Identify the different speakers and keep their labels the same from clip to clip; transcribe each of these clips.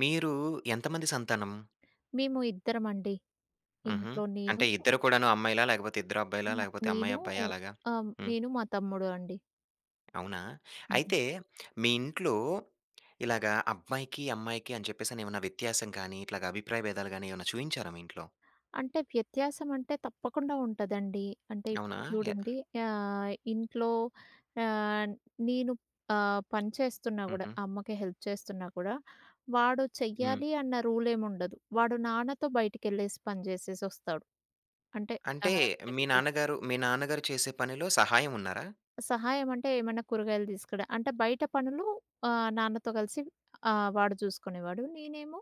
Speaker 1: మీరూ ఎంతమంది సంతానం?
Speaker 2: మేము ఇద్దరమండి.
Speaker 1: హుహు.
Speaker 2: ఇంట్లో నేను
Speaker 1: అంటే ఇద్దరు కూడాను అమ్మాయిలా? లేకపోతే ఇద్దరు అబ్బాయిలా?
Speaker 2: మా
Speaker 1: లేకపోతే అమ్మాయి
Speaker 2: నేనూ
Speaker 1: అబ్బాయా అలాగా?
Speaker 2: ఆహ్,
Speaker 1: హ్మ్.
Speaker 2: నేను మా తమ్ముడు అండి.
Speaker 1: అవునా!
Speaker 2: హుహు.
Speaker 1: అయితే మీ ఇంట్లో, ఇలాగ అబ్బా‌యికి, అమ్మాయికి అని చెప్పేసని. ఏమన్నా వ్యత్యాసం కాని, ఇట్లాగా అభిప్రాయ భేదాలు గాని ఏమన్నా చూయించారా మీ ఇంట్లో?
Speaker 2: అంటే వ్యత్యాసం అంటే తప్పకుండా ఉంట‌దండి. అంటే
Speaker 1: అవునా?
Speaker 2: ఇప్పుడు
Speaker 1: య
Speaker 2: చూడండి. యా ఇంట్లో యాన్ నేను ఆహ్, పనిచేస్తున్నా కూడా,
Speaker 1: హుహు.
Speaker 2: అమ్మకి హెల్ప్ చేస్తున్నా కూడా, వాడు
Speaker 1: హ్మ్.
Speaker 2: చెయ్యాలి అన్న రూల్ ఏం ఉండదు. వాడు నాన్నతో బయటికె‌ళ్ళేసి పని చేసేసి వస్తాడు. అంటే
Speaker 1: అంటే
Speaker 2: ఆహ్,
Speaker 1: మీ
Speaker 2: [unintelligible]
Speaker 1: నాన్నగారు, మీ నాన్నగారు చేసే పనిలో సహాయం ఉన్నారా?
Speaker 2: సహాయం అంటే ఏమన్న కూరగాయలు తీసుకుడా అంటే, బయట పనులు ఆహ్, నాన్నతో కలిసి ఆహ్, వాడు చూసుకునేవాడు. నేనేమో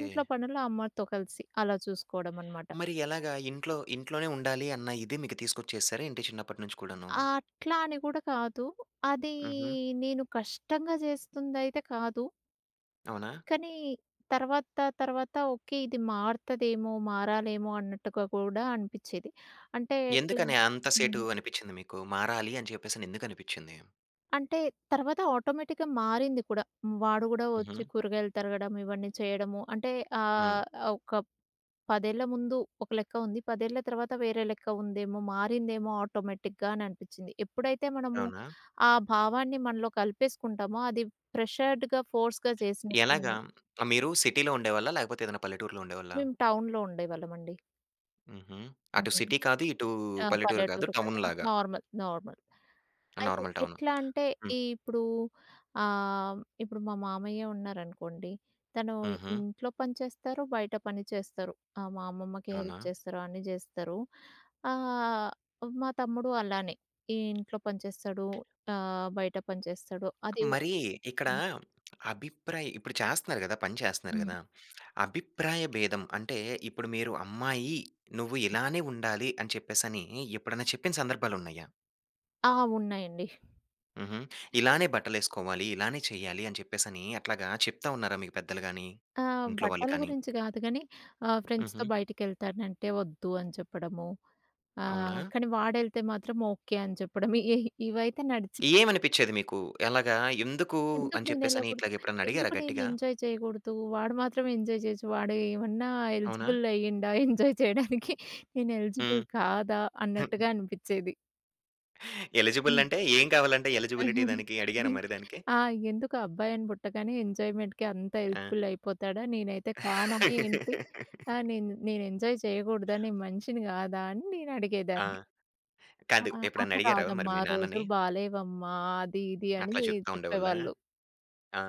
Speaker 2: ఇంట్లో పనులు అమ్మా‌తో కలిసి అలా చూసుకోవడం అనమాట.
Speaker 1: మరి ఎలాగా? ఇంట్లో ఇంట్లోనే ఉండాలి అన్న ఇది మీకు తీసుకొచ్చేసారా ఏంటి చిన్నప్పటి నుంచి కూడాను?
Speaker 2: ఆ! అట్లా అని కూడా కాదు, అదీ
Speaker 1: హుహు.
Speaker 2: నేను కష్టంగా చేస్తుందైతే కాదు.
Speaker 1: అవునా?
Speaker 2: కనీ తర్వాత తర్వాత ఓకె, ఇది మారు‌త‌దేమో మారాలేమో అన్నట్టుగా కూడా అనిపించేది. అంటే, ఎట్లా
Speaker 1: ఎందుకని అంత సేటు
Speaker 2: హ్మ్.
Speaker 1: అనిపించింది మీకు? మారాలి అని చెప్పేసని ఎందుకనిపించింది?
Speaker 2: అంటే తర్వాత ఆటోమేటిక్‌గా మారింది కూడ. వాడు కూడా వచ్చి
Speaker 1: హుహు.
Speaker 2: కూరగాయలు తరగడం, ఇవన్నీ చేయడము. అంటే
Speaker 1: హ్మ్.
Speaker 2: ఆహ్, ఓక ప్ 10 ఏళ్ళ ముందు ఒక లెక్క ఉంది. 10 ఏళ్ళ తర్వాత వేరే లెక్క ఉందేమో, మారిందేమో ఆటోమేటిక్‌గా అని అనిపించింది. ఎప్పుడైతే మనము
Speaker 1: అవునా?
Speaker 2: ఆ భావాన్ని మనలో కలిపేసుకుంటామో, అది ప్రెషర్డ్‌గా, ఫోర్స్‌గా చే‌సినట్లు
Speaker 1: ఎలాగా
Speaker 2: ఉంది.
Speaker 1: మీరు సిటీ‌లో ఉండేవాళ్ళా? లేకపోతే ఏదన్నా పల్లెటూరులో ఉండేవాళ్ళా?
Speaker 2: మేము టౌన్‌లో ఉండేవాళ్ళమండి.
Speaker 1: హుహు. అటు సిటీ కాదు, ఇటూ
Speaker 2: ఆ!
Speaker 1: పల్లెటూరు కాదు,
Speaker 2: పల్లెటూరు కాదు.
Speaker 1: టౌన్‌లాగా.
Speaker 2: నార్మల్. నార్మల్.
Speaker 1: ఆ!
Speaker 2: అయితే,
Speaker 1: నార్మల్ టౌను.
Speaker 2: ఎట్లాంటే,
Speaker 1: హ్మ్.
Speaker 2: ఇ ఇప్పుడూ ఆహ్, ఇప్పుడు మా మామయ్యే ఉన్నారనుకోండి, తను
Speaker 1: హుహు.
Speaker 2: ఇంట్లో పని చేస్తారు, బయట పని చేస్తారు. ఆహ్, మా అమ్మమ్మకి హెల్ప్
Speaker 1: అవునా!
Speaker 2: చేస్తారు. అన్ని చేస్తారు. ఆహ్, మా తమ్ముడు అలానే. ఈ ఇంట్లో పని చేస్తాడు, ఆహ్, బయట పని చేస్తాడు. అది
Speaker 1: మరీ,
Speaker 2: ఓకే.
Speaker 1: ఇక్కడా అభిప్రాయ ఇప్పుడు చేస్తన్నారు గదా! పని చేస్తన్నారు
Speaker 2: హ్మ్.
Speaker 1: గదా! అభిప్రాయ భేదం అంటే, ఇప్పుడు మీరు అమ్మాయి, నువ్వు ఇలానే ఉండాలి అని చెప్పేసనీ ఎప్పుడన్నా చెప్పిన సందర్భాలున్నయ్యా?
Speaker 2: ఆ! ఉన్నాయండి.
Speaker 1: హుహు. ఇలానే బట్టలేసుకోవాలి, ఇలానే చెయ్యాలి అని చెప్పేసనీ, అట్లాగా చెప్తా ఉన్నారా మీకు పెద్దలు గానీ,
Speaker 2: ఆ!
Speaker 1: ఇంట్లో వాళ్ళు
Speaker 2: బట్టల
Speaker 1: కానీ?
Speaker 2: గురించి గాదు గనీ, ఆహ్, ఫ్రెండ్స్‌తో
Speaker 1: హుహు.
Speaker 2: బయటికెళ్తానంటే, "ఒద్దు" అని చెప్పడము. ఆ!
Speaker 1: అవునా!
Speaker 2: కానీ వాడెళ్తే మాత్రం, "ఓకే" అని చెప్పడము. యహి ఇవైతే నడిచి
Speaker 1: ఏవనిపిచ్చేది మీకు? ఎలాగా, ఎందుకూ,
Speaker 2: "ఎందుకు
Speaker 1: అని చెప్పేసని
Speaker 2: నేనెళ్ళకూడదు?
Speaker 1: ఇట్లాగెప్పుడన్నా అడిగారా
Speaker 2: ఎందుకు నేను
Speaker 1: గట్టిగా?
Speaker 2: ఎంజాయ్ చెయ్యకూడదు? వాడు మాత్రమే ఎంజాయ్ చెయచ్చు. వాడూ ఏమన్నా
Speaker 1: అవునా!
Speaker 2: ఎలిజిబుల్ అయ్యిండా, ఎంజాయ్ చెయ్యడానికి?
Speaker 1: హ్మ్.
Speaker 2: నేనెలిజిబుల్ కాదా?" అన్నట్టుగా అనిపిచ్చేది.
Speaker 1: ఎలిజిబుల్
Speaker 2: హ్మ్.
Speaker 1: అంటే, ఏం కావాలంట ఎలిజిబిలిటీ దానికి అడిగారా మరి దానికి?
Speaker 2: ఆ! ఎందుకు అబ్బాయిని పుట్టగానే ఎంజాయ్‌మెంట్‌కి అంత
Speaker 1: ఆ!
Speaker 2: హెల్ప్‌ఫుల్ అయిపోతాడా? నేనైతే కానా ఏంటి? ఆహ్, నేను, నేను ఎంజాయ్ చేయకూడదా నేను మనిషిని కాదా? అని
Speaker 1: ఆ!
Speaker 2: నేనడిగేదాన్ని.
Speaker 1: కాదు.
Speaker 2: అహా!
Speaker 1: ఎప్పుడన్నా
Speaker 2: అది
Speaker 1: అడిగారా మరి
Speaker 2: కాదమ్మా!
Speaker 1: మీ నాన్నని?
Speaker 2: రోజులు బాలేవమ్మా, అది ఇది అని
Speaker 1: అట్లా
Speaker 2: ది
Speaker 1: చెప్తా ఉండేవాళ్ళా?
Speaker 2: చెప్పేవాళ్ళు.
Speaker 1: ఆ!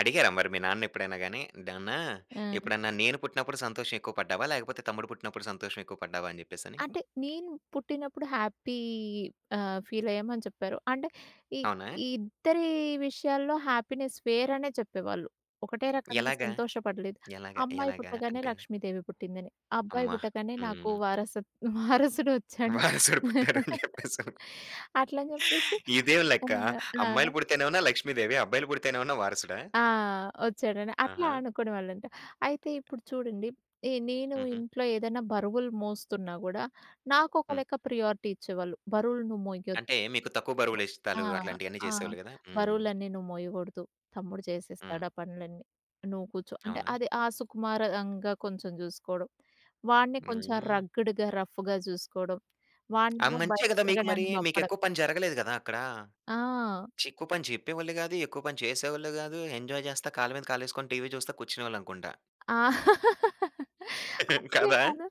Speaker 1: అడిగారా మరి మీ నాన్నని ఎప్పుడైనా గాని? నాన్నా
Speaker 2: ఆ!
Speaker 1: ఎప్పుడన్నా నేను పుట్టినప్పుడు సంతోషమెక్కువ పడ్డావా? లేకపోతే తమ్ముడు పుట్టినప్పుడు సంతోషమెక్కువ పడ్డావా? అని చెప్పేసని.
Speaker 2: అంటే నేను పుట్టినప్పుడు హ్యాపీ ఆహ్, ఫీల్ అయ్యామని చెప్పారు. అంటే ఈ
Speaker 1: అవునా.
Speaker 2: ఈ ఇద్దరి విషయాల్లో హ్యాపీనెస్ వేరనే చెప్పేవాళ్ళు. ఒకటే రకంగా
Speaker 1: ఎలాగా?
Speaker 2: సంతోషపడలేదు.
Speaker 1: ఎలాగా?
Speaker 2: అమ్మాయి
Speaker 1: ఎలాగా
Speaker 2: పుట్టగానే
Speaker 1: అంటే?
Speaker 2: లక్ష్మీదేవి పుట్టిందని. అబ్బాయి
Speaker 1: అమ్మా!
Speaker 2: పుట్టగానే నాకు
Speaker 1: హ్మ్.
Speaker 2: వారస వారసుడొచ్చాడు.
Speaker 1: వారసుడు పుట్టారు అని చెప్పేసని.
Speaker 2: అట్లని చెప్పేసి
Speaker 1: ఇదేం
Speaker 2: ఆ!
Speaker 1: లెక్క
Speaker 2: ఆ!
Speaker 1: అమ్మాయిలు పుడితేనేమన్నా లక్ష్మి దేవి. అబ్బాయిలు పుడితే నేమన్నా వారసుడా?
Speaker 2: ఆ! ఒచ్చాడండి అట్లా
Speaker 1: ఆహా!
Speaker 2: అనుకునేవాళ్ళంట. అయితే ఇప్పుడు చూడండి. ఎ నేను
Speaker 1: హుహు.
Speaker 2: ఇంట్లో ఏదైనా బరువులు మోస్తున్నా కూడా నాకొక
Speaker 1: హ్మ్.
Speaker 2: లెక్క ప్రియారిటీ ఇచ్చేవాళ్ళు. బరువులు నువ్వు మోయొద్దు.
Speaker 1: అంటే మీకు తక్కువ బరువులు
Speaker 2: ఆ!
Speaker 1: ఎత్తడాలు అట్లాంటివన్నీ
Speaker 2: ఆ!
Speaker 1: చేసేవాళ్ళు గదా! హ్మ్.
Speaker 2: బరువులన్నీ నువ్వు మోయకూడదు. తమ్ముడు
Speaker 1: హ్మ్.
Speaker 2: చేసేస్తాడు ఆ పనులన్నీ. నువ్వు కూర్చో. అంటే
Speaker 1: అవునా!
Speaker 2: అది ఆహ్, సుకుమారంగా కొంచెం చూసుకోవడం వాడ్ని కొంచెం
Speaker 1: హ్మ్.
Speaker 2: రగ్గ్‌డ్‌గా రఫ్ఫుగా చూసుకోవడం,
Speaker 1: ఆహ్,
Speaker 2: వాడినేమో
Speaker 1: మంచే
Speaker 2: బయట
Speaker 1: కదా! మీకు మరీ!
Speaker 2: తిరగడానికి
Speaker 1: మీకు
Speaker 2: పంపడం
Speaker 1: ఎక్కువ పని జరగలేదు కదా! అక్కడా.
Speaker 2: ఆ!
Speaker 1: ఎక్కువ పని చెప్పేవాళ్ళు గాదు. ఎక్కువ పని చేసేవాళ్ళు గాదు. ఎంజాయ్ చేస్తా కాళ్ళమీద కాలేసుకొని టీవీ చూస్తా కూర్చునేవాళ్ళనుకుంటా.
Speaker 2: ఆ! అట్లేం
Speaker 1: కాదా?
Speaker 2: కాదు.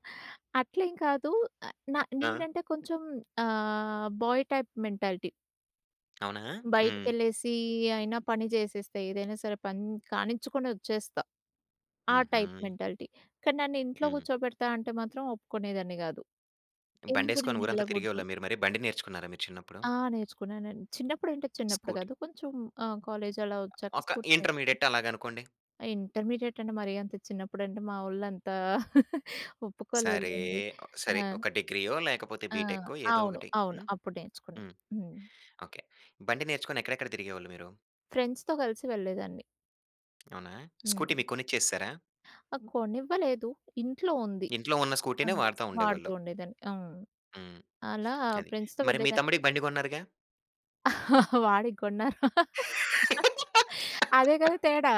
Speaker 2: అట్లేం కాదు. ఆహ్, న
Speaker 1: ఆ!
Speaker 2: నేనంటే కొంచెం ఆహ్, బాయ్ టైప్ మెంటాలిటీ.
Speaker 1: అవునా! హ్మ్.
Speaker 2: బయటకెళ్ళేసీ అయినా పని చేసేస్త. ఏదైనా సరే పని కానించుకొని వచ్చేస్తా. ఆ టైప్
Speaker 1: హుహు.
Speaker 2: మెంటాలిటీ. కానీ నన్ను ఇంట్లో
Speaker 1: హ్మ్.
Speaker 2: కూర్చోబెడతా అంటే మాత్రం ఒప్పుకునేదాన్ని కాదు. ఎందుకు
Speaker 1: బండేసుకొని
Speaker 2: నేను
Speaker 1: ఊరంతా
Speaker 2: యేళ్ళకూడదు
Speaker 1: తిరిగేవాళ్ళ మీరు మరి? బండి నేర్చుకున్నారా మీ చిన్నప్పుడు?
Speaker 2: ఆ! నేర్చుకున్నానండి. చిన్నప్పుడంటే చిన్నప్పుడు
Speaker 1: స్కూటీ.
Speaker 2: కాదు. కొంచెం ఆహ్, కాలేజ్ అలా వచ్చాక
Speaker 1: ఒక
Speaker 2: స్కూటీ నే
Speaker 1: ఇంటర్మీడియేట్ అలాగనుకోండి.
Speaker 2: ఇంటర్మీడియేట్ అంటే మరి అంత చిన్నప్పుడంటే, మావోళ్ళు అంత ఒప్పుకోలేదు
Speaker 1: సరే.
Speaker 2: లేండి.
Speaker 1: సరే.
Speaker 2: ఆ!
Speaker 1: ఒక డిగ్రీయో లేకపోతే
Speaker 2: ఆ!
Speaker 1: బిటెక్కో ఏదో
Speaker 2: అవును.
Speaker 1: ఒకటి
Speaker 2: అవును.
Speaker 1: హ్మ్.
Speaker 2: అప్పుడు నేర్చుకున్నా.
Speaker 1: హ్మ్.
Speaker 2: హ్మ్.
Speaker 1: ఓకే. బండి నేర్చుకొని ఎక్కడెక్కడ తిరిగేవోళ్ళు మీరు?
Speaker 2: ఫ్రెండ్స్‌తో కలిసి వెళ్ళేదాన్ని.
Speaker 1: అవునా! స్కూటీ
Speaker 2: హ్మ్.
Speaker 1: మీకు కొనిచ్చేసారా?
Speaker 2: కొనివ్వలేదు. ఇంట్లో ఉంది.
Speaker 1: ఇంట్లో ఉన్న స్కూటీనే
Speaker 2: హ్మ్.
Speaker 1: వాడతా
Speaker 2: వాడుతూ
Speaker 1: ఉండేవాళ్ళు.
Speaker 2: ఉండేదాన్ని. హ్మ్.
Speaker 1: హ్మ్.
Speaker 2: అలా
Speaker 1: అది.
Speaker 2: ఫ్రెండ్స్‌తో
Speaker 1: మరి మీ
Speaker 2: వెళ్ళేదాన్ని.
Speaker 1: తమ్ముడికి బండి కొన్నారుగా!
Speaker 2: వాడికి కొన్నారు. అదే కదా తేడా!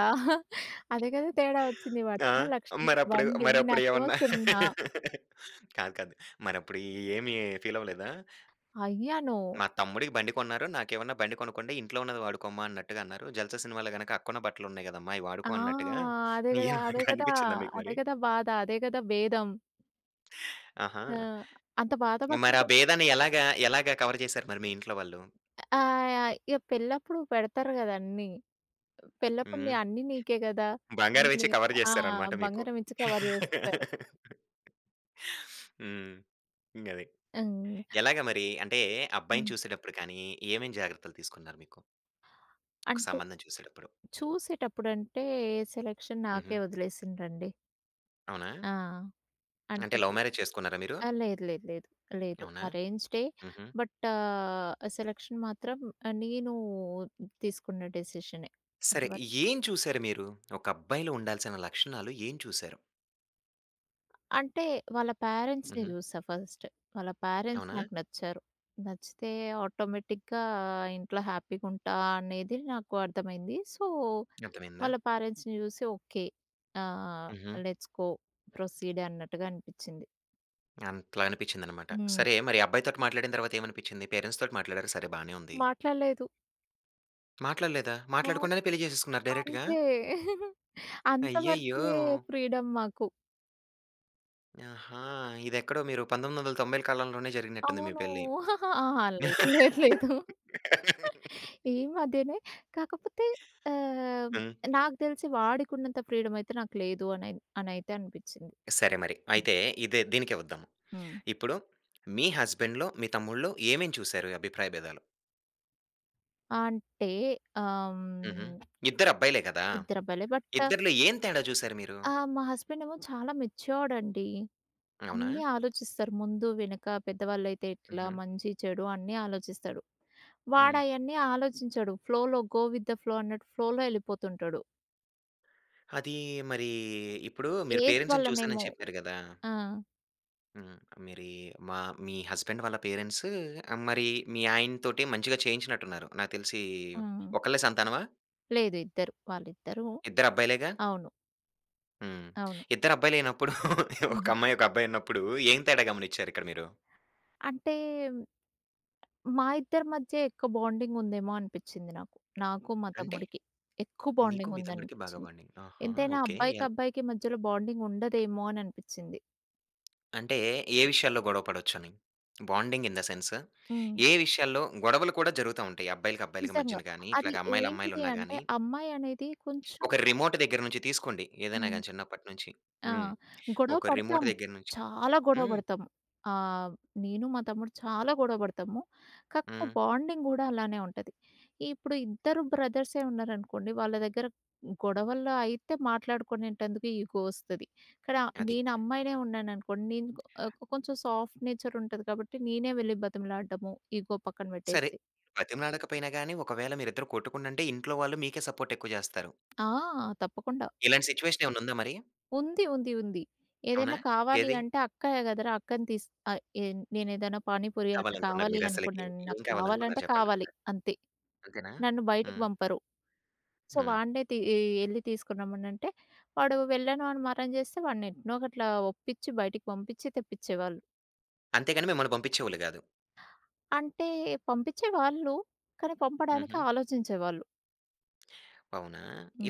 Speaker 2: అదే కదా తేడా వచ్చింది.
Speaker 1: ఆ!
Speaker 2: వాడికేమో 1,00,000 రూపాయల
Speaker 1: మరప్పుడు,
Speaker 2: బండి.
Speaker 1: మరప్పుడు
Speaker 2: నాకేమో
Speaker 1: ఏమన్నా
Speaker 2: సున్నా!
Speaker 1: కాదు. కాదు. మరప్పుడు ఏమి ఫీల్ అవ్వలేదా?
Speaker 2: అయ్యాను.
Speaker 1: మా తమ్ముడికి బండి కొన్నారు. నాకేమన్నా బండి కొనుక్కోండి. ఇంట్లో ఉన్నది వాడుకోమ్మా అన్నట్టుగా అన్నారు. 'జల్సా' సినిమాలో గనక అక్కకున్న బట్టలు ఉన్నాయి కదమ్మా అయి
Speaker 2: ఆ!
Speaker 1: వాడుకో అన్నట్టుగా,
Speaker 2: అదే కదా! అదే కదా!
Speaker 1: అనిపించిందా మీకు
Speaker 2: అదే
Speaker 1: మరి?
Speaker 2: కదా! బాధ. అదే కదా! భేదం.
Speaker 1: ఆహా!
Speaker 2: ఆ! అంత
Speaker 1: మరా
Speaker 2: బాధపట్టుకో
Speaker 1: భేదాన్ని ఎలాగా ఎలాగా కవర్ చేసారు మరి మీ ఇంట్లో వాళ్ళు?
Speaker 2: ఆ! అయి ఇగ పెళ్ళప్పుడు పెడతారు కదన్నీ. పెళ్ళప్పుడు
Speaker 1: హ్మ్.
Speaker 2: ని అన్నీ నీకే కదా!
Speaker 1: బంగారం ఇచ్చి
Speaker 2: అన్నీ
Speaker 1: కవర్
Speaker 2: ఆ!
Speaker 1: చేసేసేరనమాట మీకు.
Speaker 2: బంగారం ఇచ్చి కవర్ జేసేశారు.
Speaker 1: హ్మ్. ఇంకది.
Speaker 2: అన్
Speaker 1: ఎలాగ మరి? అంటే, అబ్బాయిని
Speaker 2: హ్మ్.
Speaker 1: చూసేటప్పుడు కానీ, ఏవేం జాగ్రత్తలు తీసుకున్నారు మీకు? ఒక
Speaker 2: అంటే
Speaker 1: సంబంధం చూసేటప్పుడు?
Speaker 2: చూసేటప్పుడంటే సెలక్షన్ నాకే
Speaker 1: హుహు.
Speaker 2: వదిలేసిం‌డ్రం‌డి.
Speaker 1: అవునా?
Speaker 2: ఆ! అంటే
Speaker 1: అంటే లవ్
Speaker 2: అది
Speaker 1: మ్యారేజ్ చేసుకున్నారా మీరు?
Speaker 2: ఆ! లేదు. లేదు. లేదు. లేదు.
Speaker 1: అవునా?
Speaker 2: అరేంజ్‌డే.
Speaker 1: హుహు.
Speaker 2: బట్, ఆహ్, ఆ సెలక్షన్ మాత్రం ఆహ్, నీను తీసుకున్న డిసిషనే.
Speaker 1: సరే.
Speaker 2: తరవాత
Speaker 1: ఏం చూసారు మీరు? ఒక అబ్బాయిలో ఉండాల్సిన లక్షణాలు ఏం చూశారు?
Speaker 2: అంటే, వాళ్ళ పేరెంట్స్‌ని
Speaker 1: హుహు.
Speaker 2: జూసా ఫస్ట్. వాళ్ళ పేరెంట్స్
Speaker 1: అవునా?
Speaker 2: నాకు నచ్చారు. నచ్చితే ఆటోమేటిక్‌గా ఇంట్లో హ్యాపీగుంటా అనేది నాకు అర్థమైంది. సో,
Speaker 1: అర్థమయిందా?
Speaker 2: వాళ్ళ పేరెంట్స్‌ని చూసి ఓకే. ఆ!
Speaker 1: హుహు.
Speaker 2: Let's go. ప్రొసీడే. అన్నట్టుగా అనిపిచ్చింది.
Speaker 1: అట్లా అనిపించిందనమాట.
Speaker 2: హ్మ్.
Speaker 1: సరే! మరి అబ్బాయితోటి మాట్లాడిన తర్వాత ఏమనిపించింది? పేరెంట్స్‌ తోటి మాట్లాడారు సరే బానే ఉంది.
Speaker 2: మాట్లాడలేదు.
Speaker 1: మాట్లాడలేదా?
Speaker 2: అవును.
Speaker 1: మాట్లాడకుండానే పెళ్లి చేసేసుకున్నారు డైరెక్ట్‌గా?
Speaker 2: అంతే.
Speaker 1: అయ్యయ్యో!
Speaker 2: అంతవరకే, ఫ్రీడం మాకు.
Speaker 1: ఆహా! ఇదెక్కడో మీరు 1990ల కాలంలోనే జరిగినట్టుంది మీ
Speaker 2: అవును.
Speaker 1: పెళ్లి.
Speaker 2: అహా! లేదు. లేదు. లేదు. ఈ మధ్యనే కాకపోతే. ఆహ్,
Speaker 1: హ్మ్.
Speaker 2: నాకు తెలిసి వాడికి ఉన్నంత ఫ్రీడమ్ అయితే నాకు లేదు అనిన్ అని అయితే అనిపించింది.
Speaker 1: సరే మరి. అయితే ఇదే, దీనికే వద్దాము.
Speaker 2: హ్మ్.
Speaker 1: ఇప్పుడు మీ హస్బాండ్‌లో, మీ తమ్ముళ్ళో ఏమేం చూసారు? అభిప్రాయ భేదాలు?
Speaker 2: అంటే, ఆహ్,
Speaker 1: హూహూ.
Speaker 2: హ్మ్
Speaker 1: ఇద్దరు అబ్బాయిలే కదా?
Speaker 2: ఇద్దరు అబ్బాయిలే. బటా
Speaker 1: ఇద్దరిలో ఏం తేడా చూసారు మీరు?
Speaker 2: ఆ! మా హస్బెండ్ ఏమో చాలా మెచ్యూర్డ్ అండి.
Speaker 1: అవునా?
Speaker 2: అన్నీ ఆలోచిస్తారు. ముందు-వెనక పెద్దవాళ్ళైతే ఎట్లా,
Speaker 1: హుహు.
Speaker 2: మంచి-చెడు అన్నీ ఆలోచిస్తాడు. వాడు
Speaker 1: హ్మ్.
Speaker 2: అయన్నీ ఆలోచించడు. ఫ్లోలో, గో విత్ ద ఫ్లో అన్నట్టు. ఫ్లోలో వెళ్ళిపోతుంటాడు.
Speaker 1: అదీ, మరీ ఇప్పుడు మీరు
Speaker 2: ఏజ్
Speaker 1: పేరెంట్స్‌ని చూసాను
Speaker 2: వల్లనేమో.
Speaker 1: అని చెప్పారు కదా!
Speaker 2: ఆ!
Speaker 1: హ్మ్. మీరి మా మీ హస్బాండ్ వాళ్ళ పేరెంట్సు మరి మీ ఆయనతోటీ, మంచిగా చేయించినట్టు ఉన్నారు. నాకు తెలిసి
Speaker 2: ఆ!
Speaker 1: ఒకళ్ళే సంతానమా?
Speaker 2: లేదు. ఇద్దరు, వాళ్ళిద్దరూ.
Speaker 1: ఇద్దరబ్బాయిలేగా?
Speaker 2: అవును.
Speaker 1: హ్మ్.
Speaker 2: అవును.
Speaker 1: ఇద్దరబ్బాయిలైనప్పుడు, ఒక
Speaker 2: హుహు.
Speaker 1: అమ్మాయి, ఒక అబ్బాయున్నప్పుడు ఏం తేడా గమనిచ్చారిక్కడ మీరు?
Speaker 2: అంటే మా ఇద్దరి మధ్య ఎక్కువ బాండింగ్ ఉందేమో అనిపిచ్చింది నాకు. నాకు, మా
Speaker 1: అంటే
Speaker 2: తమ్ముడికి ఎక్కువ
Speaker 1: నీకు,
Speaker 2: బాండింగ్
Speaker 1: మీ తమ్ముడికి బాగా
Speaker 2: ఉందనిపిచ్చింది.
Speaker 1: బాండింగ్. ఆహా!
Speaker 2: ఎంతైనా
Speaker 1: ఓకె.
Speaker 2: అబ్బాయికి,
Speaker 1: యాహ్!
Speaker 2: అబ్బాయికి మధ్యలో బాండింగ్ ఉండదేమో అననిపిచ్చింది.
Speaker 1: అంటే, ఏ విషయాల్లో గొడవ పడొచ్చని, బాండింగ్ ఇన్ ద సెన్స్
Speaker 2: హ్మ్.
Speaker 1: ఏ విషయాల్లో, గొడవలు కూడా జరుగుతా ఉంటాయి? అబ్బాయిలకి, అబ్బాయిలకి
Speaker 2: నిజంగా.
Speaker 1: మధ్యన గాని,
Speaker 2: అది
Speaker 1: ఇట్లాగ అమ్మాయిలు,
Speaker 2: ఏంటిది
Speaker 1: అమ్మాయిలున్నా
Speaker 2: అంటే,
Speaker 1: గాని.
Speaker 2: అమ్మాయనేది కొంచెం
Speaker 1: ఒక రిమోట్ దగ్గర్నుంచి తీసుకోండి. ఏదైనా
Speaker 2: హ్మ్.
Speaker 1: గాని చిన్నప్పట్నుంచి
Speaker 2: ఆ!
Speaker 1: హ్మ్.
Speaker 2: గొడవ
Speaker 1: ఒక రిమోట్
Speaker 2: పడతాం,
Speaker 1: దగ్గర్నుంచి.
Speaker 2: చాలా గొడవ
Speaker 1: హ్మ్.
Speaker 2: పడతాం. ఆహ్, నేను మా తమ్ముడు చాలా గొడవ పడతాము. కాకపోతే
Speaker 1: హ్మ్.
Speaker 2: బాండింగ్ కూడా అలానే ఉంటది. ఇప్పుడు ఇద్దరు బ్రదర్సే ఉన్నారనుకోండి. వాళ్ళ దగ్గర గొడవల్లో అయితే మాట్లాడుకొనేటందుకు ఈగో వస్తది. ఇక్కడ
Speaker 1: అది.
Speaker 2: నేనమ్మాయినే ఉన్నాననుకోండి, నేను ఆహ్, కొంచెం సాఫ్ట్ నేచర్ ఉంటది కాబట్టి నేనే వెళ్లి బతిమలాడడము, ఈగో పక్కన
Speaker 1: సరే,
Speaker 2: పెట్టేసి.
Speaker 1: బ్రతిమలాడకపోయినా గాని, ఒకవేళ మీరిద్దరు కొట్టుకుండంటే, ఇంట్లో వాళ్ళు మీకే సపోర్ట్ ఎక్కువ చేస్తారు.
Speaker 2: ఆ! తప్పకుండా.
Speaker 1: ఇలాంటి సిట్యుయేషన్ ఏమన్నుందా మరి?
Speaker 2: ఉంది. ఉంది. ఉంది.
Speaker 1: అవునా!
Speaker 2: ఏదైనా కావాలి
Speaker 1: ఏది?
Speaker 2: అంటే, అక్కయ కదరా, అక్కని తీసు అ ఇన్ నేనేదైనా పానీపూరీ అట్లా
Speaker 1: కావాలనుకున్నారు.
Speaker 2: కావాలి
Speaker 1: మీరసలకి
Speaker 2: అనుకున్నా,
Speaker 1: ఏం కావాలనుకున్నారు
Speaker 2: నాక్కావాలంటే కావాలి
Speaker 1: చెప్పండొకసారి.
Speaker 2: అంతే.
Speaker 1: అంతేనా?
Speaker 2: నన్ను బయటికి
Speaker 1: హ్మ్.
Speaker 2: పంపరు. సో,
Speaker 1: హ్మ్.
Speaker 2: వాన్నే తీ ఎళ్ళి తీసుకొనిరమ్మనంటే, వాడు వెళ్ళను అని మారం చేస్తే, వాన్ని ఎట్నో ఒకట్ల ఒప్పించి, బయటకి పంపించి తెప్పిచ్చేవాళ్ళు.
Speaker 1: అంతేగాని మిమ్మల్ని పంపించేవోళ్ళు కాదు.
Speaker 2: అంటే, పంపించే వాళ్ళు. కానీ, పంపడానికి
Speaker 1: హుహు.
Speaker 2: ఆలోచించేవాళ్ళు.
Speaker 1: అవునా!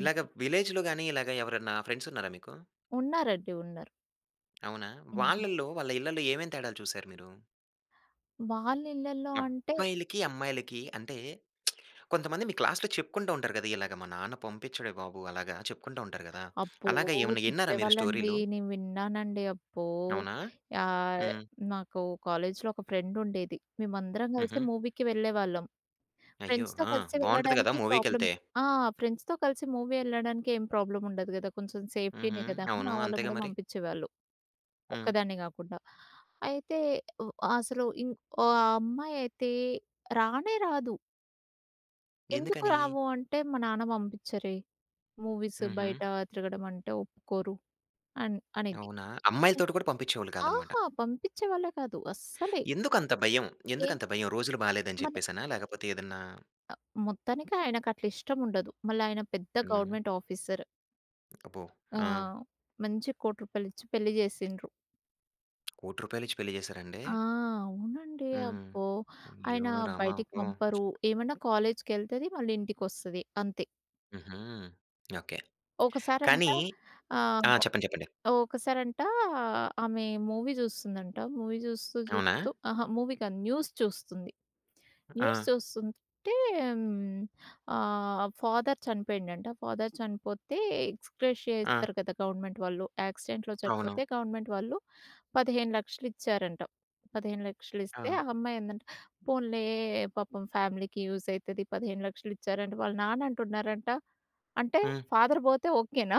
Speaker 1: ఇలాగ విలేజ్‌లో గాని ఇలాగ ఎవరైనా ఫ్రెండ్స్ ఉన్నారా మీకు?
Speaker 2: ఉన్నారండి. ఉన్నారు.
Speaker 1: అవునా!
Speaker 2: హ్మ్.
Speaker 1: వాళ్ళలో, వాళ్ళ ఇళ్ళలో ఏమేం తేడాలు చూసారు మీరు?
Speaker 2: వాళ్ళ ఇళ్ళల్లో అంటే
Speaker 1: అబ్బాయిలకి, అమ్మాయిలకి అంటే, కొంతమంది మీ క్లాస్‌లో చెప్పుకుంటా ఉంటారు కదా! ఇలాగ మా నాన్న పంపించాడే బాబు అలాగా, చెప్పుకుంటా ఉంటారు కదా!
Speaker 2: అబ్బో!
Speaker 1: అలాగా ఏమన్నా ఇన్నారా మీరు
Speaker 2: చెప్పేవాళ్ళండి.
Speaker 1: స్టోరీలు?
Speaker 2: నేను విన్నానండి. అబ్బో!
Speaker 1: అవునా?
Speaker 2: యాహ్!
Speaker 1: హ్మ్.
Speaker 2: నాకు కాలేజ్‌లో ఒక ఫ్రెండ్ ఉండేది. మేమందరం కలిసే
Speaker 1: హుహు.
Speaker 2: మూవీకి వెళ్ళేవాళ్ళం.
Speaker 1: అయ్యో!
Speaker 2: ఫ్రెండ్స్‌తో
Speaker 1: ఆ!
Speaker 2: కలిసి
Speaker 1: బాగుంటది గదా
Speaker 2: వెళ్ళడానికి ప్రాబ్లమ్
Speaker 1: మూవీకెళ్తే.
Speaker 2: ఆ! ఫ్రెండ్స్‌తో కలిసి మూవీ ఎళ్ళడానికి ఏం ప్రాబ్లమ్ ఉండదు కదా! కొంచెం
Speaker 1: హుహు.
Speaker 2: సేఫ్టీనే కదా!
Speaker 1: అవును.
Speaker 2: మా వాళ్ళు
Speaker 1: అంతేగా
Speaker 2: కూడా
Speaker 1: మరి.
Speaker 2: పంపించేవాళ్ళు.
Speaker 1: హ్మ్.
Speaker 2: ఒక్కదాన్నే కాకుండా. అయితే వ అసలు ఇన్ ఓ అమ్మాయయితే రానే రాదు. ఎందుకు
Speaker 1: ఎందుకని?
Speaker 2: రావు? అంటే, మా నాన్న పంపించరే. మూవీస్
Speaker 1: హుహు.
Speaker 2: బయట తిరగడం అంటే ఒప్పుకోరు అన్ అనేది.
Speaker 1: అవునా! అమ్మాయిలతోటి కూడా పంపించేవాళ్ళు కాదన్నమాట.
Speaker 2: అహా! పంపించే వాళ్ళే కాదు. అస్సలే.
Speaker 1: ఎందుకు అంత భయం. ఎందుకు
Speaker 2: ఏమో
Speaker 1: అంత భయం రోజులు బాలేదు అని
Speaker 2: మనె
Speaker 1: చెప్పేసినా? లేకపోతే ఏదన్నా
Speaker 2: మొత్తానికి ఆయనకట్ల ఇష్టం ఉండదు. మళ్ళా ఆయన పెద్ద
Speaker 1: హ్మ్.
Speaker 2: Government officer.
Speaker 1: అబ్బో.
Speaker 2: ఆ!
Speaker 1: ఆ!
Speaker 2: మంచి రూ. 1,00,00,000 ఇచ్చి పెళ్లి చేసిన్రు.
Speaker 1: రూ. 1,00,00,000 ఇచ్చి పెళ్లి చేసారండి?
Speaker 2: ఆ! అవునండి.
Speaker 1: హ్మ్.
Speaker 2: అబ్బో!
Speaker 1: అయ్యో!
Speaker 2: ఆయన
Speaker 1: రామా!
Speaker 2: బయటికి
Speaker 1: అయ్యో!
Speaker 2: పంపరు. ఏమన్నా కాలేజ్‌కెళ్తది, మళ్ళీ ఇంటికి వస్తది అంతే.
Speaker 1: హుహు. ఓకే.
Speaker 2: ఒకసారంట
Speaker 1: కానీ ఆ!
Speaker 2: ఆహ్,
Speaker 1: చెప్పండి చెప్పండి.
Speaker 2: ఒకసారంట ఆమె మూవీ చూస్తుందంట, మూవీ చూస్తూ,
Speaker 1: అవునా?
Speaker 2: చూస్తూ అహా! మూవీ కాదు న్యూస్ చూస్తుంది. న్యూస్
Speaker 1: ఆ!
Speaker 2: చూస్తుంటే ఆహ్ ఫాదర్ చనిపోయిండంట. ఫాదర్ చనిపోతే ఎక్సగ్రేషియా ఇస్తారు
Speaker 1: ఆ!
Speaker 2: కదా, గవర్నమెంట్ వాళ్ళు. యాక్సిడెంట్‌లో చనిపోతే
Speaker 1: అవును.
Speaker 2: గవర్నమెంట్ వాళ్ళు 15,00,000 ఇచ్చారంట. 15,00,000 ఇస్తే,
Speaker 1: ఆ!
Speaker 2: ఆ అమ్మాయి అందంట "పోన్లే పాపం ఫ్యామిలీకి యూజ్ అవుతది 15,00,000 ఇచ్చారంట." వాళ్ళ నాన్న అంటున్నారంట, "అంటే
Speaker 1: హ్మ్.
Speaker 2: ఫాదర్ పోతే ఓకేనా?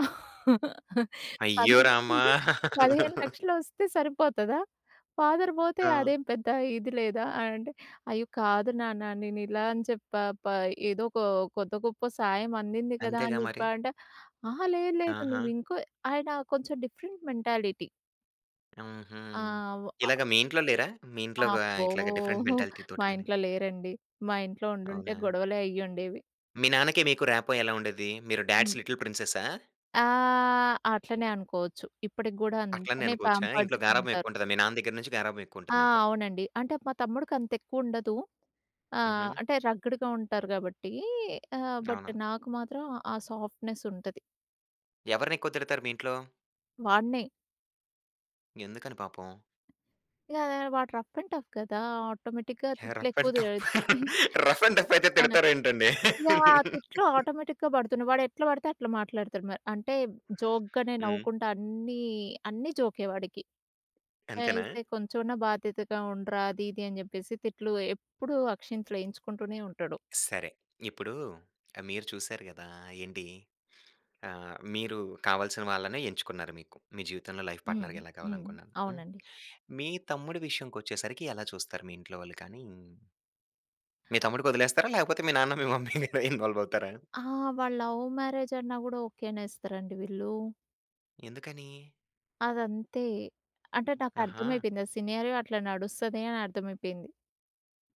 Speaker 1: అయ్యో!
Speaker 2: పదిహేను
Speaker 1: రామా!
Speaker 2: పదిహేను లక్షలు వస్తే సరిపోతదా? ఫాదర్ పోతే
Speaker 1: ఆ!
Speaker 2: అదేం పెద్ద ఇది లేదా?" అని అంటే "అయ్యో! కాదు నాన్న, నేను ఇలా అనే చెప్పా. ప ఏదో ఒక కొద్దొ గొప్ప సాయం అందింది కదా అనే
Speaker 1: అంతేగా మరి.
Speaker 2: చెప్పా" అంటే. అహా! లేదు లేదు,
Speaker 1: ఆహా!
Speaker 2: నువ్వు ఇంకో ఆయన కొంచెం డిఫరెంట్ మెంటాలిటీ.
Speaker 1: హుహు.
Speaker 2: ఆ! అవ్
Speaker 1: ఇలాగ మీ ఇంట్లో లేరా? మీ ఇంట్లో
Speaker 2: అబ్బో!
Speaker 1: ఇట్లాగ డిఫరెంట్
Speaker 2: ఓహో!
Speaker 1: మెంటాలిటీ‌తోటి
Speaker 2: మా
Speaker 1: గాని.
Speaker 2: ఇంట్లో లేరండి. మా ఇంట్లో ఉండుంటే
Speaker 1: అవునా?
Speaker 2: గొడవలే అయ్యి ఉండేవి.
Speaker 1: మీ నాన్నకి మీకు ర్యాపో ఎలా ఉండేది? మీరు డాడ్స్
Speaker 2: హ్మ్.
Speaker 1: లిటిల్ ప్రిన్సెస్సా?
Speaker 2: ఆ! అట్లనే అనుకోవచ్చు. ఇప్పటికి గూడా
Speaker 1: అట్లనే
Speaker 2: అంతనే
Speaker 1: అనుకోవచ్చా?
Speaker 2: పాంపర్డ్
Speaker 1: ఇంట్లో గారాబం
Speaker 2: ఉంటారు.
Speaker 1: ఎక్కువుంటదా? మీ నాన్న దెగ్గర నుంచి గారాబం
Speaker 2: ఆ!
Speaker 1: ఎక్కువుంటది మీకు.
Speaker 2: అవునండి. అంటే, మా తమ్ముడికంతెక్కువుండదు. ఆహ్,
Speaker 1: హుహు.
Speaker 2: అంటే రగ్గుడుగా ఉంటారు గాబట్టీ ఆహ్, బట్
Speaker 1: అవును.
Speaker 2: నాకు మాత్రం ఆ సాఫ్ట్‌నెస్ ఉంటది.
Speaker 1: ఎవరినెక్కువ తిడతారు మీ ఇంట్లో?
Speaker 2: వాడినే.
Speaker 1: ఎందుకని పాపం?
Speaker 2: ఇగా వాడు రఫ్ అండ్ టఫ్ కదా! ఆటోమేటిక్‌గా
Speaker 1: హే రఫ్
Speaker 2: తిట్లెక్కువ
Speaker 1: అండ్
Speaker 2: తి
Speaker 1: టఫ్, రఫ్ అండ్ టఫ్ఫయితే
Speaker 2: ఆ!
Speaker 1: తిడతారా ఏంటండి?
Speaker 2: యాహ్! తిట్లు ఆటోమేటిక్‌గా బడుతున్నయి. వాడెట్ల బడితే అట్లా మాట్లాడుతాడు మ అంటే, జోక్‌గనే
Speaker 1: హ్మ్.
Speaker 2: నవ్వుకుంటా అన్నీ, అన్నీ జో‌కే వాడికి.
Speaker 1: అంతేనా?
Speaker 2: ఐతే కొంచెమన్నా బాధ్యతగా ఉండరా, అదీది అని చెప్పేసి, తిట్లు ఎప్పుడూ అక్షంతలేయించుకుంటూనే ఉంటాడు.
Speaker 1: సరే, ఇప్పుడూ ఆహ్, మీరు చూసారు గదా! ఏంటి, ఆహ్, మీరు కావల్సిన వాళ్ళనే ఎంచుకున్నారు మీకు, మీ జీవితంలో లైఫ్
Speaker 2: హ్మ్.
Speaker 1: పార్ట్నర్‌గా ఎలా
Speaker 2: హ్మ్.
Speaker 1: కావాలనుకున్నా హ్మ్.
Speaker 2: అవునండి.
Speaker 1: మీ తమ్ముడు విషయంకొచ్చేసరికి ఎలా చూస్తారు? మీ ఇంట్లో వాళ్ళు కానీ మీ తమ్ముడికొదిలేస్తారా? లేకపోతే మీ నాన్న, మీ మమ్మీ ఇందులో ఇన్‌వాల్వవుతారా?
Speaker 2: ఆ! వాడు లవ్ మ్యారేజన్నా గూడా, ఓకే అనేస్తరండి వీళ్ళూ.
Speaker 1: ఎందుకనీ?
Speaker 2: అదంతే. అంటే నాకు
Speaker 1: అహా!
Speaker 2: అర్థమైపెయింది. సినారియో అట్లా నడుస్తది అని అర్థమైపెయింది.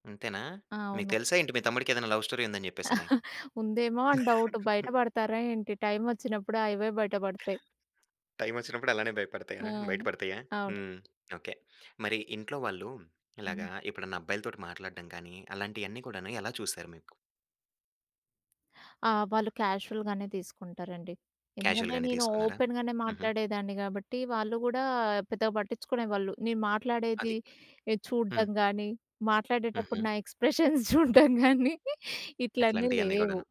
Speaker 1: అంతేనా? మీకు
Speaker 2: అవును.
Speaker 1: తెలుసా ఏంటి? మీ తమ్ముడికెదైనా లవ్ స్టోరీ ఉందని చెప్పేసని?
Speaker 2: ఉందేమో అని డౌటు. బయట పడతారా ఏంటి? టైమొచ్చినప్పుడు అవే బయట పడతాయి.
Speaker 1: టైమొచ్చినప్పుడు అలానే భయపడతాయ బయట
Speaker 2: హ్మ్.
Speaker 1: పడతాయా?
Speaker 2: అవును.
Speaker 1: హ్మ్. ఓకే. మరీ ఇంట్లో వాళ్ళు ఇలాగా
Speaker 2: హ్మ్.
Speaker 1: ఎప్పుడైనా అబ్బాయిలతోటి మాట్లాడడం గాని, అలాంటియన్నీ కూడాను ఎలా చూసారు మీకు?
Speaker 2: ఆ! వాళ్ళు క్యాజువల్‍‌ గానే తీసుకుంటారండి.
Speaker 1: కాజువల్‌
Speaker 2: ఎందుకంటే
Speaker 1: గానే
Speaker 2: నేను
Speaker 1: తీసుకున్నారా?
Speaker 2: ఓపెన్‍ గానే
Speaker 1: హుహు.
Speaker 2: మాట్లాడేదాన్ని కాబట్టి వాళ్ళు కూడా పెద్దగా పట్టించుకునేవాళ్ళు. నేను
Speaker 1: అది.
Speaker 2: మాట్లాడేదీ చూడ్డం
Speaker 1: హ్మ్.
Speaker 2: కానీ, మాట్లాడేటప్పుడు
Speaker 1: హుహు.
Speaker 2: నా ఎక్స్‌ప్రెషన్స్ చూడ్డం కానీ ఇట్లన్నీ
Speaker 1: అట్లాంటియన్నీ
Speaker 2: లేవు.
Speaker 1: కూడాను.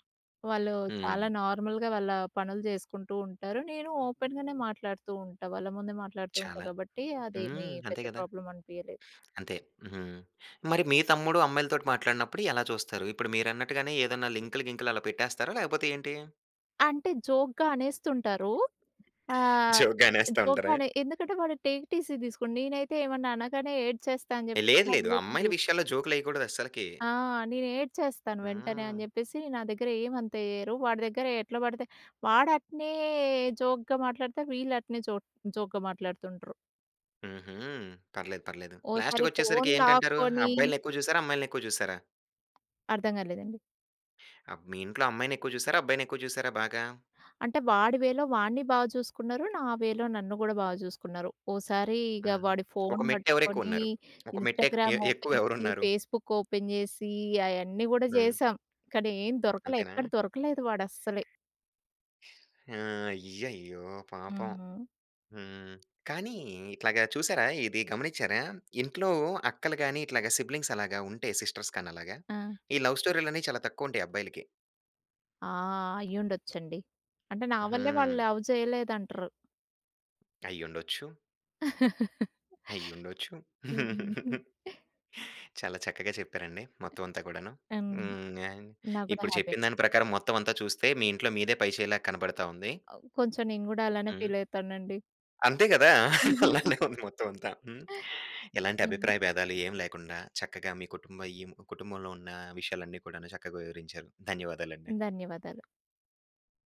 Speaker 2: వాళ్ళు
Speaker 1: హ్మ్.
Speaker 2: చాలా నార్మల్‍గా వాళ్ళ పనులు చేసుకుంటూ ఉంటారు. నేను ఓపెన్‍ గానే మాట్లాడుతూ ఉంటా, వాళ్ళ ముందే మాట్లాడుతూ ఉంటా
Speaker 1: చాలా.
Speaker 2: కాబట్టి అదేమీ
Speaker 1: హ్మ్. అంతే
Speaker 2: పెద్ద
Speaker 1: కదా!
Speaker 2: ప్రాబ్లమ్ అనిపియలేదు.
Speaker 1: అంతే. హుహు. మరి మీ తమ్ముడు అమ్మాయిలతోటి మాట్లాడినప్పుడు ఎలా చూస్తారు? ఇప్పుడు మీరన్నట్టుగానే ఏదైనా లింకులు గింకులు అలా పెట్టేస్తారా? లేకపోతే ఏంటి?
Speaker 2: అంటే జోక్‌గా అనేస్తుంటారూ. ఆహ్,
Speaker 1: జోక్‌గా అనేస్తా ఉంటారా?
Speaker 2: జోక్‌‌గానే. ఎందుకంటే వాడు టేక్ ఇట్ ఈజీగా తీసుకోని. నేనైతే ఏమన్నా అనగానే ఏడ్చేస్తా అని చెప్పేసి
Speaker 1: లేదు
Speaker 2: నా
Speaker 1: లేదు.
Speaker 2: దగ్గర
Speaker 1: అమ్మాయిల
Speaker 2: [unintelligible]
Speaker 1: విషయాల్లో జోకులేయకూడదస్సలకీ.
Speaker 2: ఆ! నేనేడ్చేస్తాను వెంటనే
Speaker 1: హ్మ్.
Speaker 2: అని చెప్పేసి నా దగ్గర ఏమంత ఏయరు. వాడి దగ్గర ఎట్లా పడితే వాడు అట్నే జోక్‌గా మాట్లాడితే వీళ్ళు అట్నే జో జోక్‌గా మాట్లాడుతుండ్రు.
Speaker 1: హుహు. పర్లేదు, పర్లేదు.
Speaker 2: ఓసారి
Speaker 1: లాస్ట్‌కి వచ్చేసరికి
Speaker 2: ఫోన్
Speaker 1: ఏంటంటారు?
Speaker 2: లాక్కొనీ.
Speaker 1: అబ్బాయిల్ని ఎక్కువ చూసారా? అమ్మాయిల్ని ఎక్కువ చూసారా?
Speaker 2: అర్థం కాలేదండి.
Speaker 1: అబ్ మీ ఇంట్లో అమ్మాయిని ఎక్కువ చూసారా? అబ్బాయిని ఎక్కువ చూసారా బాగా?
Speaker 2: అంటే వాడి వేలో వాడ్ని బాగా చూసుకున్నారు. నా వే‌లో నన్ను కూడా బాగా చూసుకున్నారు. ఒకసారి ఇగ
Speaker 1: హ్మ్.
Speaker 2: వాడి
Speaker 1: ఒక
Speaker 2: ఫోన్
Speaker 1: మెట్టు ఎవరు ఎక్కువ
Speaker 2: పట్టుకొని
Speaker 1: ఉన్నారు. ఒక మెట్టు ఎక్
Speaker 2: ఇన్స్టాగ్రామ్ ఓపెన్
Speaker 1: ఎక్కువ
Speaker 2: చేసి,
Speaker 1: ఎవరున్నారు?
Speaker 2: ఫేస్బుక్ ఓపెన్ చేసి అయన్నీ కూడా
Speaker 1: హ్మ్.
Speaker 2: చేసాం. కానీ ఏమి దొరకలేదు.
Speaker 1: అంతేనా?
Speaker 2: ఎక్కడ దొరకలేదు వాడు అస్సలె.
Speaker 1: ఆ! అయ్యయ్యో! పాపం.
Speaker 2: హ్మ్.
Speaker 1: హ్మ్. కానీ ఇట్లాగా చూసారా? ఇది గమనించారా? ఇంట్లో అక్కలు గాని, ఇట్లాగా సిబ్లింగ్స్ అలాగా ఉంటె సిస్టర్స్ కాని అలాగా
Speaker 2: ఆ!
Speaker 1: ఈ లవ్ స్టోరీ‌లని చాలా తక్కువ ఉంటాయి అబ్బాయిలకి.
Speaker 2: ఆ! అయ్యుండొచ్చండి. అంటే, నా వల్లే వాళ్ళు
Speaker 1: హ్మ్.
Speaker 2: లవ్ చేయలేదంటరు.
Speaker 1: అయ్యుండొచ్చు. అయ్యుండొచ్చు.
Speaker 2: హ్మ్.
Speaker 1: చాలా చక్కగా చెప్పారండి. మొత్తం అంతా కూడాను.
Speaker 2: ఆ!
Speaker 1: హ్మ్.
Speaker 2: నాకు కూడా
Speaker 1: ఇప్పుడు
Speaker 2: హ్యాపీ
Speaker 1: చెప్పిన దాని
Speaker 2: అనిపించింది.
Speaker 1: ప్రకారం మొత్తం అంతా చూస్తే మీ ఇంట్లో మీదే పైచేలాగా కనపడతా ఉంది.
Speaker 2: అవ్ కొంచెం నేను కూడా అలానే
Speaker 1: హ్మ్.
Speaker 2: ఫీల్ అవుతానండి.
Speaker 1: అంతే గదా! అలానే ఉంది మొత్తం అంతా. హ్మ్. ఎలాంటి
Speaker 2: హ్మ్.
Speaker 1: అభిప్రాయ భేదాలు ఏమి లేకుండా, చక్కగా మీ కుటుంబ అయిం కుటుంబంలో ఉన్న విషయాలన్నీ కూడా చక్కగా వివరించారు. ధన్యవాదాలండి.
Speaker 2: ధన్యవాదాలు.